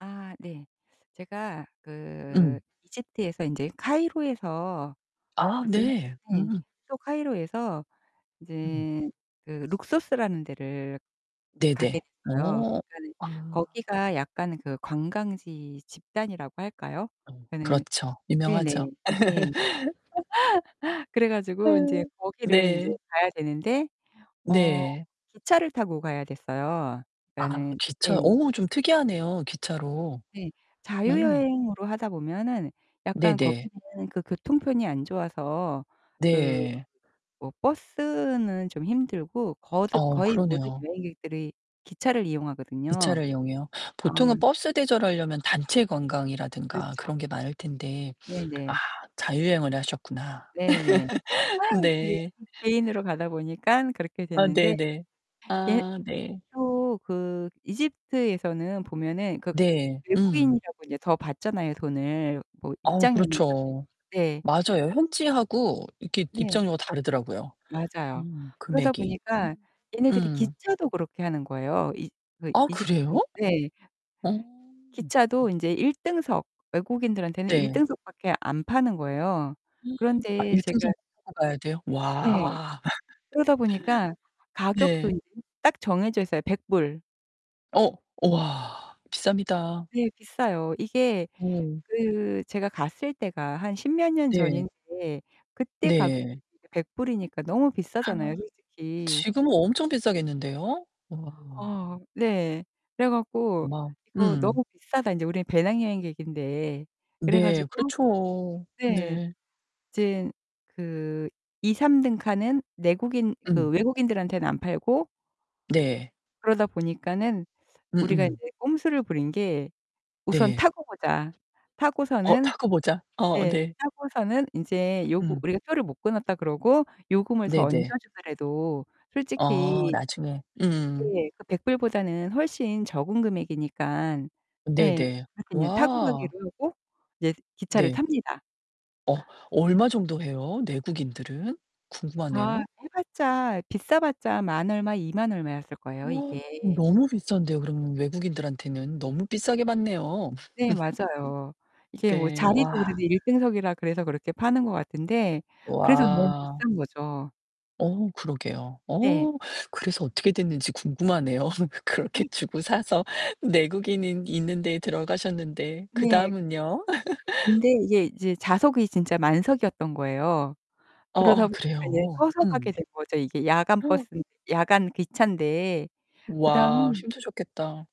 아 네. 제가 그 음. 이집트에서 인제 카이로에서 아 이제 네. 네. 음. 또 카이로에서 음. 이제 그 룩소스라는 데를 가게 네네. 됐어요. 어. 그러니까는 아. 거기가 약간 그 관광지 집단이라고 할까요? 어 그러니까는 그렇죠. 네네. 유명하죠. 네네. 예. 그래 가지고 아 인제 거기를 인제 네. 가야 되는데 어 네. 기차를 타고 가야 됐어요. 아 그니까는 예. 기차 어 좀 특이하네요. 기차로. 네. 어. 자유여행으로 하다 보면은 약간 네네. 거기는 그 교통편이 안 좋아서 그 네. 뭐 버스는 좀 힘들고 거듭 어, 거의 모든 그러네요. 여행객들이 기차를 이용하거든요. 기차를 이용해요. 어 보통은 버스 대절하려면 단체 관광이라든가 그렇죠. 그런 게 많을 텐데, 아 네네. 자유여행을 하셨구나. 네네. 이게 네. 개인으로 가다 보니까 그렇게 아 됐는데 네네. 예 아 네. 또 그 이집트에서는 보면은 그 네. 음. 외국인이라고 인제 더 받잖아요. 뭐 돈을 뭐 아우 입장료나 그런 그렇죠. 네. 맞아요. 현지하고 이렇게 네. 입장료가 다르더라고요. 맞아요. 음 그러다 금액이. 음. 보니까 얘네들이 음. 기차도 그렇게 하는 거예요. 이 그 아 그래요? 이집트 네. 어. 기차도 인제 일등석. 외국인들한테는 네. 일등석밖에 안 파는 거예요. 아 그런데 일등석을 제가 타고 가야 돼요? 네. 와. 그러다 보니까 가격도 네. 인제 딱 정해져 있어요. $100. 어, 우와 비쌉니다. 네. 비싸요. 이게 어. 그 제가 갔을 때가 한 십몇 년 네. 전인데 그때 가격으로 네. 이게 $100이니까 너무 비싸잖아요, 솔직히. 지금은 엄청 비싸겠는데요? 우와. 어 네. 그래 어 갖고 마 "이거 음. 너무 비싸다. 인제 우리는 배낭여행객인데." 그래 네, 가지고 그렇죠. 네. 네. 이젠 그 2-3 등 칸은 내국인 그 음. 외국인들한테는 안 팔고 네. 그러다 보니까는 우리가 음음. 이제 꼼수를 부린 게 우선 네. 타고 보자. 어, 타고서는 타고 보자. 어, 네. 네. 타고서는 인제 요구 음. 우리가 표를 못 끊었다 그러고 요금을 더 얹어 네네. 주더라도 어, 솔직히 나중에. 음. 예. 그 $100보다는 훨씬 적은 금액이니까. 예. 네네. 그러니깐 인제 타고 와. 가기로 하고 이제 기차를 네. 탑니다. 어, 아. 얼마 정도 해요? 내국인들은? 아. 궁금하네요. 해 봤자 비싸 봤자 만 얼마 이만 얼마였을 거예요, 우와 이게. 너무 비싼데요. 그러면 외국인들한테는 너무 비싸게 받네요. 네. 맞아요. 이게 뭐 네 와. 자리도 그래도 일등석이라 그래서 그렇게 파는 거 같은데 그래서 너무 와. 비싼 거죠. 어, 그러게요. 네. 어 그래서 어떻게 됐는지 궁금하네요. 그렇게 주고 사서 내국인이 있는 데에 들어가셨는데 네. 그다음은요? 근데 이게 이제 좌석이 진짜 만석이었던 거예요. 그러다 어어 보니까 이제 그래요? 서서 가게 음. 된 거죠. 이게 야간 버스인데 야간 기차인데. 와 그다음 힘드셨겠다.